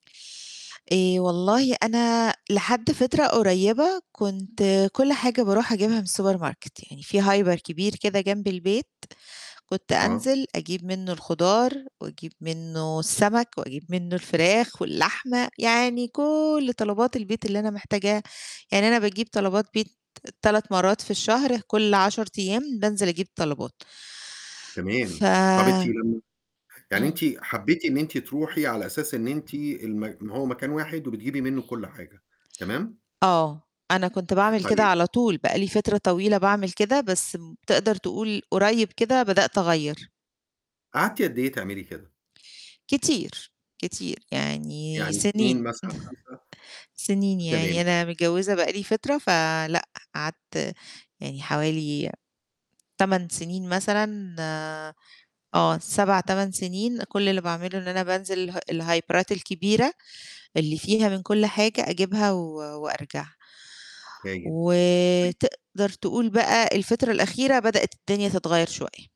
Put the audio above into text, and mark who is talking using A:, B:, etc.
A: آآ والله أنا لحد فترة قريبة كنت كل حاجة بارُوح أجيبها من السوبر ماركت يعني في hyper كبير كده جنب البيت كنت
B: آه.
A: أنزِل أجيب منه الخضار واجيب منه السمك واجيب منه الفراخ واللحمة، يعني كل طلبات البيت اللي أنا محتاجاها، يعني أنا باجيب طلبات بيت 3 مرات في الشهر كل 10 أيام بانزِل أجيب طلبات. ف
B: تمام. طَب أنتِ لم يعني أنتِ
A: إمم.
B: حبيتِ إن أنتِ ترُوحي على أساس إن أنتِ الم هو مكان واحد وبتجيبي منه كل حاجة. تمام؟
A: آه. أنا كنت باعمل كده
B: طيب
A: على طول، بقى لي فترة طويلة باعمل كده بس تقدَر تقول قريب كده بدأت أغيَّر.
B: قعدتِ قد إيه تعملي كده؟
A: كتير، كتير يعني
B: يعني سنين
A: سنين،
B: مثلًا 5؟
A: سنين يا عيني.
B: تمام.
A: أنا متجوزة بقى لي فترة فلأ قعدت يعني حوالي 8 سنين مثلًا، آه 8، 7 سنين كل اللي باعمله إن أنا بانزِل اله الهايبرات الكبيرة اللي فيها من كل حاجة أجيبها و وأرجع.
B: [unintelligible]
A: وتقدر تقول بقى الفترة الأخيرة بدأت الدنيا تتغيَر شوية.